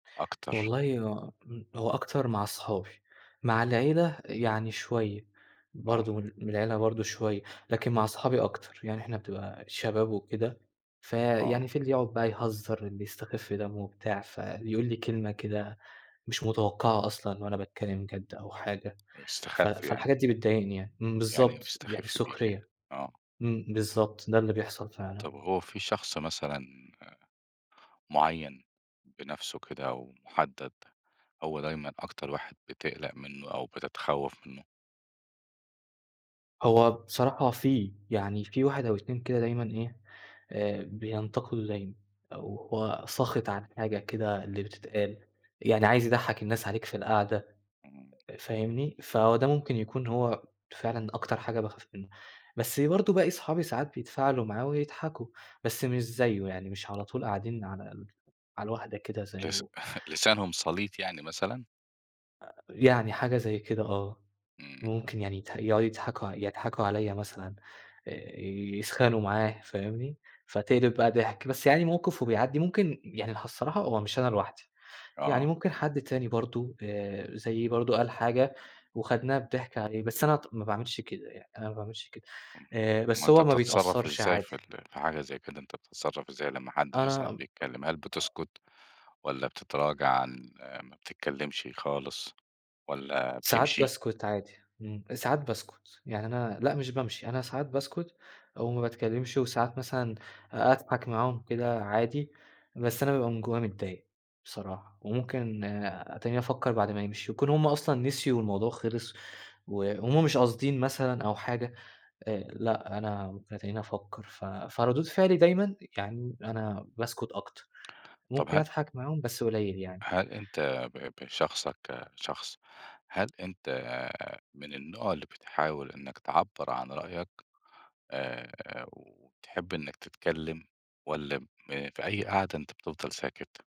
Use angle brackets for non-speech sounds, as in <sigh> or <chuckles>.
أكتر. والله هو هو أكتر مع أصحابي. مع العيلة يعني شوية، آه. برضه من من العيلة برضه شوية. لكن مع أصحابي أكتر يعني إحنا بتبقى الشباب وكده، فيعني آه. في اللي يقعد بقى يهزر، اللي يستخف دمه وبتاع، فاللي يقول لي كلمة كده مش متوقعة أصلًا وأنا باتكلم جد أو حاجة. ف يستخف يعني؟ فالحاجات دي بتضايقني يعني إمم، يعني بالضبط، يعني بيستخف بيك يعني؟ سخرية. آه. إمم، بالضبط، ده اللي بيحصل فعلًا. طب هو في شخص مثلًا، آآ، معين بنفسه كده ومحدد، هو دايمًا أكتر واحد بتقلق منه أو بتتخوف منه؟ هو بصراحة في، يعني في 1 أو 2 كده دايمًا إيه، آآ بينتقدوا دايمًا، أو هو ساخط عن حاجة كده اللي بتتقال، يعني عايز يضَحك الناس عليك في القعدة، اهم. أ فاهمني؟ فهو ده ممكن يكون هو فعلًا أكتر حاجة باخاف منه. بس برضه باقي صحابي ساعات بيتفاعلوا معاه ويضحكوا، بس مش زيه، يعني مش على طول قاعدين على ال على الواحدة كده لس زيه. <chuckles> لسانهم سليط يعني مثلًا؟ آآ، يعني حاجة زي كده، آه. امم. ممكن يعني يت يقعدوا يضحكوا ع يضحكوا عليَّ مثلًا، آآ يسخَنوا معاه، فاهمني؟ فتقلب بقى ضحك. بس يعني موقف وبيعدي، ممكن يعني الصراحة هو مش أنا لوحدي، يعني آه. ممكن حد تاني برضه، آآ زيي برضه قال حاجة، واخدناها بضحك عليه. بس أنا ط ما باعملش كده يعني، أنا ما باعملش كده. امم، آآ أمال بس أنت هو ما بتتصرف بيتأثرش إزاي عادي. في ال في حاجة زي كده، أنت بتتصرف إزاي لمّا حد مثلًا أنا ب بيتكلم؟ هل آه. بتسكت والّا بتتراجع عن ما بتتكلمشِ خالص والّا ساعات بتمشي؟ باسكت عادي، امم، ساعات باسكت. يعني أنا لأ مش بامشي، أنا ساعات باسكت أو ما باتكلمش، وساعات مثلًا أ أضحك معاهم كده عادي، بس امم. أنا بابقى من جوايا متضايق بصراحة. وممكن أ أتَنيني أفكر بعد ما يمشوا، يكون هم أصلًا نسيوا والموضوع خلص، وهم مش قاصدين مثلًا أو حاجة، آآ، لأ، أنا باتَنيني أفكر. ف فردود فعلي دايمًا يعني أنا باسكت أكتر، طب ممكن هـَ أضحك معاهم، بس قليل يعني. هل أنت ب بشخصك كشخص، هل أنت من النوع اللي بتحاول إنك تعبرعن رأيك، آآ، وبتحب إنك تتكلم والّا م في أي قعدة أنت بتفضل ساكت؟